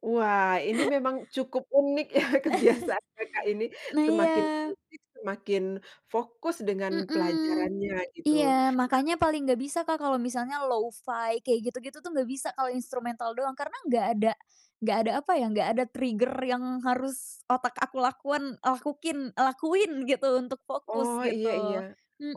Wah, ini memang cukup unik ya kebiasaan Kakak ini, Nah iya. semakin berisik, semakin fokus dengan Mmm, pelajarannya gitu. iya, Nah makanya paling nggak bisa Kak, kalo misalnya lo-fi, kayak gitu-gitu tuh nggak bisa kalo instrumental doang. Karena nggak ada nggak ada apa ya, nggak ada trigger yang harus otak aku lakuan lakukin lakuin gitu, untuk fokus Oh iya iya, gitu.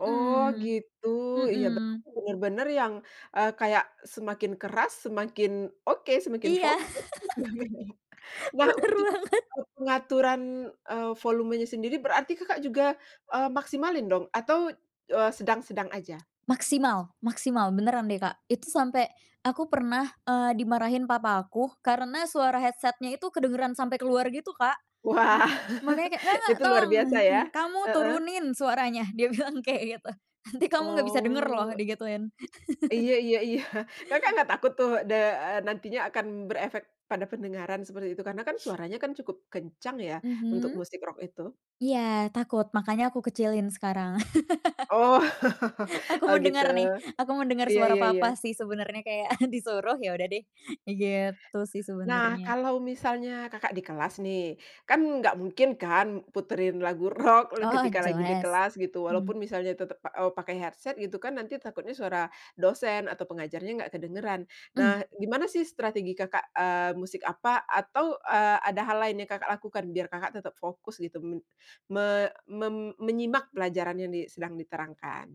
oh, gitu, iya mhm. berarti benar-benar yang, eee, kayak semakin keras, semakin oke, semakin Iya, fokus. [unintelligible] Nah, benar untuk, banget. e pengaturan, eee, volumenya sendiri, berarti Kakak juga, eee, maksimalin dong atau, eee, sedang-sedang aja? Maksimal maksimal, beneran deh, Kak, itu sampe, aku pernah, eee, dimarahin papa aku, karena suara headset-nya itu kedengeran sampe keluar gitu Kak. M Wah, makanya kayak, "Nggak nggak, itu luar tolong biasa ya, kamu heeh. turunin suaranya" dia bilang kayak gitu. "Nanti kamu nggak bisa dengar loh" Oh. digituin. Iya iya iya. Kakak nggak takut tuh de eee, nantinya akan berefek pada pendengaran, seperti itu? Karena kan suaranya kan cukup kencang ya, untuk Mhm. musik rock itu. Iya, takut, makanya aku kecilin sekarang. Oh, Aku oh, gitu, mendengar nih, aku mendengar iya suara iya iya. papa sih sebenarnya, kayak disuruh, ya udah deh, ya gitu sih Nah sebenarnya. kalau misalnya Kakak di kelas nih, kan nggak mungkin kan puterin lagu rock le O oh, ketika lagi di jelas, kelas gitu, walaupun mhm. misalnya tetep pa eee, pakai headset gitu kan, nanti takutnya suara dosen atau pengajarnya nggak kedengeran. Mhm. Nah, gimana sih strategi Kakak, eee, musik apa atau, eee, ada hal lain yang Kakak lakukan, biar Kakak tetap fokus gitu men me mem menyimak pelajaran yang di sedang diterangkan?